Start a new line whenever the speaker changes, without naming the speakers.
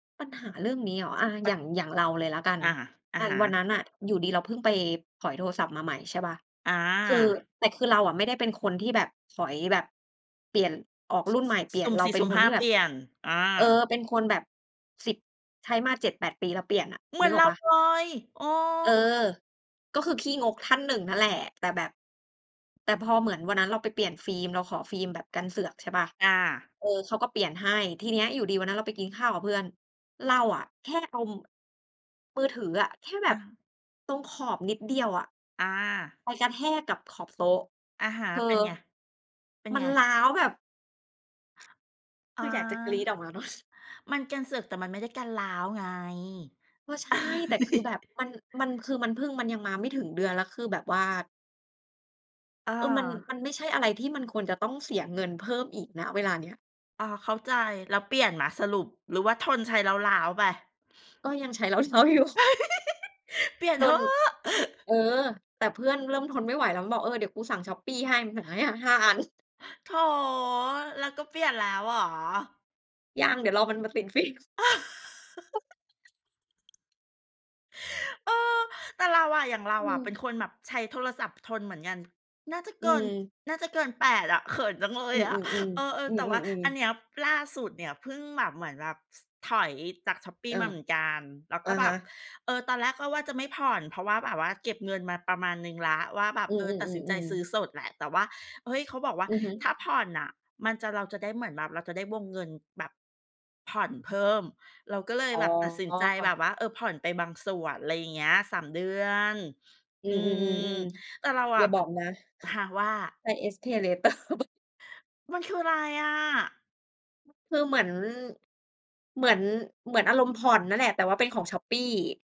ปัญหาเรื่องนี้เหรอ? อ่า อย่าง อย่างเราเลยแล้วกัน
อา อะ
อ่า
ฮ
วัน
ะ
นั้นน่ะ อยู่ดี ๆ เราเพิ่งไปถอยโทรศัพท์มาใหม่ ใช่เปล่า
อ
คือ
า
แต่คือเราอะไม่ได้เป็นคนที่แบบถอยแบบ เปลี่ยน ออกรุ่นใหม่ เปลี
ส
่ย
ุ
น
่ม
เร
ส
า
ี่
เป็
สุ
น
่ม
ค
ห
น
้า
ที่แ
เ
บ
ป
บ
ลี่ยน อ
เออ
า
เป็นคนแบบ 10 ใช้มา 7-8 ปีแล้วเปลี่ยนน่ะ
เหมื
นึ
อน
กอ
เร
อก
า
เปล่า?
เลย เออ
เออ ก็คือขี้งกท่านหนึ่งนั่นแหละ แต่แบบ แต่พอเหมือนวันนั้นเราไปเปลี่ยนฟิล์ม เราขอฟิล์มแบบกันเสือก ใช่เปล่า
อา
เออ เขาก็เปลี่ยนให้ ทีเนี้ยอยู่ดีวันนั้นเราไปกินข้าวกับเพื่อน เราอะแค่เอา มือถืออะ แค่แบ
อ
บ
ะ
ตรงขอบนิดเดียวอะ
อา
ไปกระแทกกับขอบโต๊ะ
อะฮะ
เธอ
เป็นไง? เป็น
มั
ไ
น
ง?
ร้าวแบบ
อ
ค
า
ืออยากจะกรี๊ดออกมาเนาะ
มันกันเสือก แต่มันไม่ได้กันร้าวไง
ก็ใช่ แต่คือแบบมัน มันคือ มันเพิ่ง มันยังมาไม่ถึงเดือน แล้วคือแบบว่า
อ
เออ มัน ม
า
ันไม่ใช่อะไร ที่มันควรจะต้องเสียเงินเพิ่มอีก ณ เวลาเนี้ย
อ้อ เข้าใจ แล้วเปลี่ยนไหม? สรุป หรือว่าทนใช้ร้าว ๆ ไป?
ก็ยังใช้ ร้าว ๆ อยู่
เปลี่ยน
จ
เถ
น
อะ
เออ! แต่เพื่อนเริ่มทนไม่ไหว แล้วมันบอก "เออ เดี๋ยวกูสั่งช้อปปี้ให้" มันสั่งให้ 5- 5 อัน
โถ แล้วก็เปลี่ยนแล้วเหรอ?
ยัง เดี๋ยวรอมันมาติด ฟิล์ม
เออ แต่เราอะ อย่างเรา
อื
อะเป็
ม
นคนแบบใช้โทรศัพท์ทนเหมือนกัน น่าจะ
อื
เกิน
ม
น่าจะเกิน 8 อะ เขินจังเล
อื
ย
ม
อะ เอ
ๆ ๆ อ
อ
ื
ๆ แต่ว่า
อ
อั
ๆ
น
ๆ
เนี้ย ล่าสุดเนี่ย เพิ่งแบบเหมือนแบบ ถอยจากช้อปปี้
เออ
มาเหมือนกัน แล้ว
อ
ก็
ะ
แบ
ฮ
บ
ะ
เออ ตอนแรกก็ว่าจะไม่ผ่อน เพราะว่าแบบว่า เก็บเงินมาประมาณหนึ่งแล้วว่าแบบ
อื
เออ ตัดสินใจ
ม
ซ
ๆ
ื้อ
ๆ ๆ
สดแหละ แต่ว่า เฮ้ย! เขาบอกว่า
อือฮึ
ถ้าผ่อนน่ะ มันจะ เราจะได้ เหมือนแบบเราจะได้วงเงินแบบ ผ่อนเพิ่ม เราก็เลย
อ๋
แบบตัดสินใจแบ
อ
บว่า เออ ผ่อนไปบางส่วน อะไรอย่างเงี้ย 3 เดือน
อื
อืม
ม ๆ ๆ
แต่เรา
ๆ อ
อ
ย่
ะ
าบอกนะ
ค่ะว่า?
ใช้ SPayLater
มันคืออะไรอะ?
คือเหมือน เหมือน เหมือนอารมณ์ผ่อนนั่นแหละ แต่ว่าเป็นของช้อปปี้